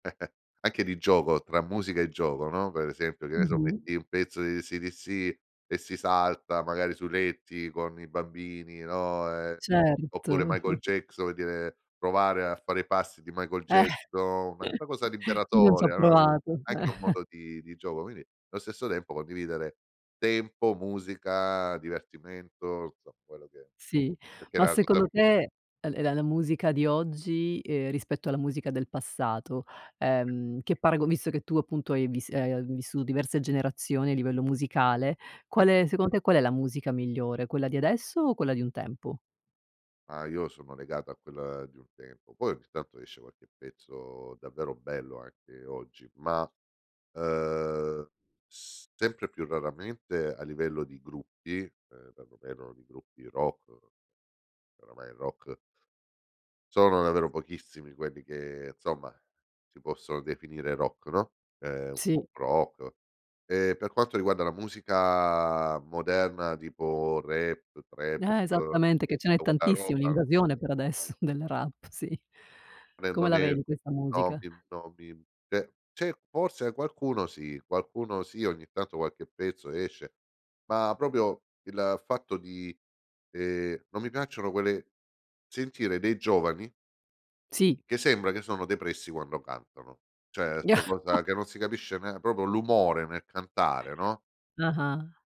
Anche di gioco, tra musica e gioco, no, per esempio, che ne so, Mh-mh. metti un pezzo di AC/DC e si salta magari sui letti con i bambini, no, uhm, oppure Certo. Michael Jackson, per dire, provare a fare i passi di Michael Eh. Jackson, una una cosa Chi non ci ha liberatoria, no, uhm, provato? Eh. anche un modo di di gioco, quindi allo stesso tempo condividere tempo, musica, divertimento, insomma, quello che è, Sì, perché ma la cosa secondo te l la musica di oggi, uhm, rispetto alla musica del passato, ehm, che parago visto che tu appunto hai vis ehm, hai vissuto diverse generazioni a livello musicale, Sì. qual è secondo te qual è la musica migliore? Quella di adesso o quella di un tempo? Ah, io sono legata a quella di un tempo. Poi ogni tanto esce qualche pezzo davvero bello anche oggi, ma, uhm, sempre più raramente a livello di gruppi, uhm, perlomeno di gruppi rock. Oramai il rock sono davvero pochissimi quelli che, insomma, si possono definire rock, no, ehm, un Sì. pop rock. E per quanto riguarda la musica moderna tipo rap, trap Eh, esattamente. e Che ce n'è tutta quella tantissima, roba, un'invasione per non adesso del rap, sì. non è Come la vedi questa non musica? è [unintelligible] cioè c'è forse qualcuno sì, qualcuno sì, ogni tanto qualche pezzo esce, ma proprio il fatto di, ehm, non mi piacciono quelle sentire dei giovani Sì. che sembra che sono depressi quando cantano, cioè 'sta cosa che non si capisce nean proprio l'umore nel cantare, no? Ah-ah.